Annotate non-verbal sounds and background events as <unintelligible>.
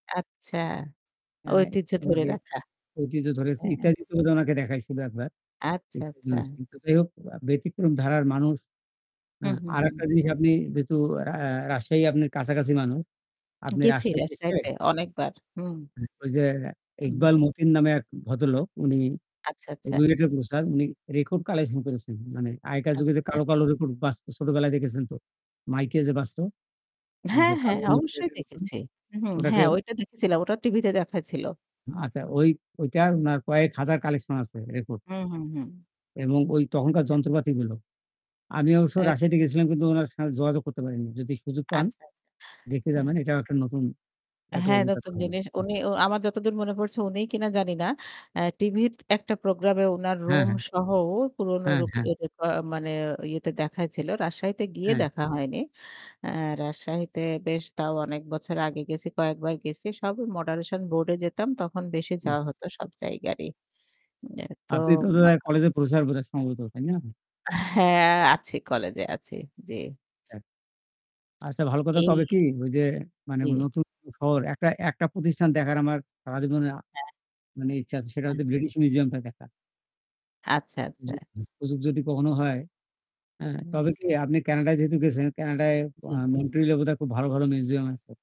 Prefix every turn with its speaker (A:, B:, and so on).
A: আচ্ছা,
B: অ্যা
A: ঐতিহ্য ধরে
B: ওনাদের
A: রাখা।
B: ঐতিহ্য ধরেছি
A: হ্যাঁ।
B: ইত্যাদিতে বোধহয় ওনাকে দেখাইছিল একবার।
A: আচ্ছা, আচ্ছা।
B: <unintelligible> যাই হোক ব্যতিক্রম ধারার মানুষ অ্যা
A: হুম, হুম,
B: আরেকটা
A: হুম।
B: জিনিস আপনি যেহেতু অ্যা অ্যা রাজশাহী আপনার কাছাকাছি মানুষ আপনে
A: গেছি
B: রাজশাহীতে এসে
A: রাজশাহীতে অনেকবার। হুম।
B: ঐ যে
A: হুম।
B: ইকবাল মতিন নামে এক ভদ্রলোক উনি
A: আচ্ছা, আচ্ছা।
B: RUET এর প্রফেসর উনি রেকর্ড কালেকশন করেছেন। মানে আগেকার যুগে যে
A: আচ্ছা।
B: কালো, কালো রেকর্ড বাজত ছোটবেলায় দেখেছেন তো? মাইকে যে বাজত? ওই
A: হ্যাঁ,
B: যে
A: হ্যাঁ,
B: কালো <unintelligible>
A: অবশ্যই
B: প্লেটের মতো।
A: দেখেছি। হু, হু,
B: উনাকে
A: হ্যাঁ ওইটা দেখেছিলাম। ওটা টিভি তে দেখাইছিল।
B: আচ্ছা ওই ওইটা উনার কয়েক হাজার কালেকশন আছে রেকর্ড।
A: হুম, হুম, হুম।
B: এবং ওই তখনকার
A: ওকে।
B: যন্ত্রপাতিগুলো। আমি অবশ্য
A: এক
B: রাশিয়াতে গেছিলাম কিন্তু ওনার সা যোগাযোগ করতে পারেননি। যদি সুযোগ
A: আচ্ছা,
B: পান
A: আচ্ছা।
B: দেখে
A: হুম,
B: যাবেন, এটাও একটা নতুন একটা
A: হ্যাঁ
B: অভিজ্ঞতা
A: নতুন
B: হবে।
A: জিনিস
B: হু।
A: উনি ও আমার যতদূর মনে পড়ছে উনিই কিনা জানি না। অ্যা টিভির ১ টা প্রোগ্রামে উনার
B: হ্যাঁ,
A: রুম
B: হ্যাঁ।
A: সহ পুরনো
B: হ্যাঁ, হ্যাঁ।
A: <unintelligible> মানে ইয়েতে দেখাইছিল। রাজশাহীতে গিয়ে
B: হ্যাঁ।
A: দেখা হয়নি। অ্যা রাজশাহীতে বেশ তাও অনেক বছর আগে গেছি কয়েকবার গেছি। সব মডারেশন বোর্ড এ যেতাম তখন বেশি
B: হুম।
A: যাওয়া হত সব জায়গারই। উম
B: আপনি তো
A: তোম
B: বোধহয় কলেজের প্রফেসর বোধহয় সম্ভবত তাই না?
A: হ্যাঁ, আছি কলেজে আছি। জি।
B: হ্যাঁ। আচ্ছা ভালো। কথা
A: এই
B: তবে কি ঐ যে মানে
A: জি।
B: নতুন শহর একটা একটা প্রতিষ্ঠান দেখার আমার সারাজীবনে আ
A: <unintelligible>
B: মানে ইচ্ছা আছে সেটা হচ্ছে ব্রিটিশ মিউজিয়াম টা দেখা।
A: আচ্ছা, আচ্ছা।
B: <unintelligible> সুযোগ যদি কখনো হয়, হ্যাঁ? তবে
A: হুম।
B: কি আপনি ক্যানাডায় যেহেতু গেছেন, ক্যানাডায়
A: জি।
B: আ Montril-এ বোধহয় খুব ভালো, ভালো মিউজিয়াম আছে।